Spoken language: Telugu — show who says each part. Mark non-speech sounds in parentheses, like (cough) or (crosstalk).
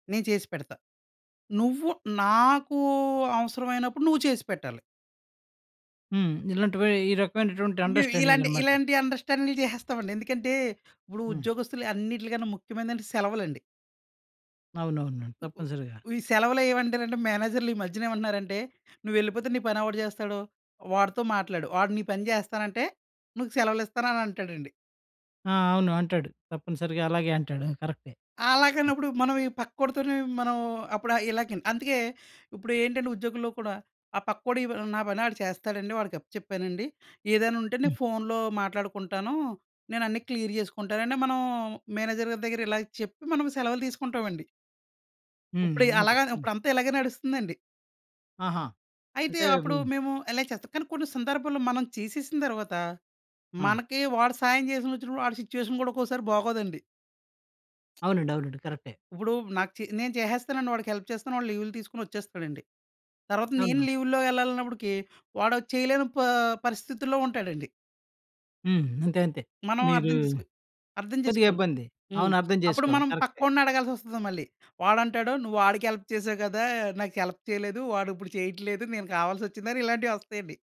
Speaker 1: నేను చేసి పెడతా. నువ్వు నాకూ అవసరమైనప్పుడు నువ్వు చేసిపెట్టాలి.
Speaker 2: హ్మ్. ఇలాంటివీ ఈ రకమైనటువంటి
Speaker 1: మేము ఇలాంటి
Speaker 2: అండర్‌స్టాండింగనమాట.
Speaker 1: ఇలాంటియి అండర్‌స్టాండులు చేసేస్తామండి. ఎందుకంటే, ఇప్పుడు
Speaker 2: హ్మ్.
Speaker 1: ఉద్యోగస్తులు అన్నిట్లికన్నా ముఖ్యమైనదంటే సెలవులండి.
Speaker 2: అవునవునండి. తప్పనిసరిగా.
Speaker 1: వ్ ఈ సెలవలేవంటెరంటే మేనేజర్లీ మధ్యనేవంటన్నారంటే, "నువ్వెళ్ళిపోతే నీ పనెవడు చేస్తాడు? వాడితో మాట్లాడు. వాడు నీ పని చేస్తానంటే, నీకు సెలవలిస్తాననంటాడండి.
Speaker 2: ఆ! అవును. అంటాడు. తప్పనిసరిగా అలాగే అంటాడు. కరక్టే.
Speaker 1: అలాగానప్పుడు మనం ఈ పక్కోడితోనీ మనం అప్పుడు ఆహ్, ఇలాగి న్ అందుకే. ఇప్పుడూ ఏంటంటే, ఉద్యోగుల్లో కూడా ఆ పక్కోడి వ్ నా పని ఆడు చేస్తాడండి. వాడికి అప్ప చెప్పానండి. ఏదైనుంటే నే
Speaker 2: హ్మ్.
Speaker 1: ఫోనులో మాట్లాడుకుంటానూ. నేనన్ని క్లియర్ జేసుకుంటానంటే, మనం మేనేజర్ గారి దగ్గర ఇలాగా చెప్పి, మనం సెలవులు తీసుకుంటావండి.
Speaker 2: హ్మ్.
Speaker 1: ఉప్పుడియి
Speaker 2: అంతే.
Speaker 1: అలాగాన
Speaker 2: హ్మ్.
Speaker 1: ఉప్పుడంతా ఇలాగే నడుస్తుందండి.
Speaker 2: ఆహా!
Speaker 1: అయితే,
Speaker 2: అంటే
Speaker 1: అప్పుడూ
Speaker 2: హ్మ్.
Speaker 1: మేము ఎలనే చేస్తాం, కానీ కొన్ని సందర్భాల్లో మనం చేసేసిన తర్వాత,
Speaker 2: ఆ!
Speaker 1: మనకి వాడు సాయం జేసినొచ్చినప్పుడు ఆడి సిచ్యువేషన్ గూడా ఒక్కోసారి బాగోదండి. (smacks lips)
Speaker 2: అవునండి. అవునండి. కరక్టే.
Speaker 1: ఉప్పుడూ నాకు చే నేను చేసేస్తానండి. వాడికి హెల్ప్ చేస్తాను. వాడు లీవులు తీసుకొనొచేస్తాడండి. తర్వాత నేను
Speaker 2: అవునవును.
Speaker 1: లీవుల్లో వెళ్ళాలన్నప్పుడికీ వాడో చెయ్యలేని ప పరిస్థితుల్లో ఉంటాడండి.
Speaker 2: హ్మ్. అంతే. అంతే.
Speaker 1: మనం
Speaker 2: మీరూ
Speaker 1: అర్థం చేసుకో అర్థం
Speaker 2: కొద్దిగా
Speaker 1: చేసుకోవాలి.
Speaker 2: ఇబ్బంది.
Speaker 1: హ్మ్.
Speaker 2: అవును. అర్థం
Speaker 1: అప్పుడు
Speaker 2: చేసుకోవాలి.
Speaker 1: మనం
Speaker 2: కరక్టే.
Speaker 1: పక్కొనడగాల్సొస్తది మళ్ళీ. వాడంటాడు, "నువ్వు ఆడికి హెల్ప్ చేసావు కదా! నాకు హెల్ప్ చెయలేదు. వాడుప్పుడు చెయిట్లేదు, నేను కావాల్సొచ్చిందా" అని ఇలాంటివొస్తాయండి.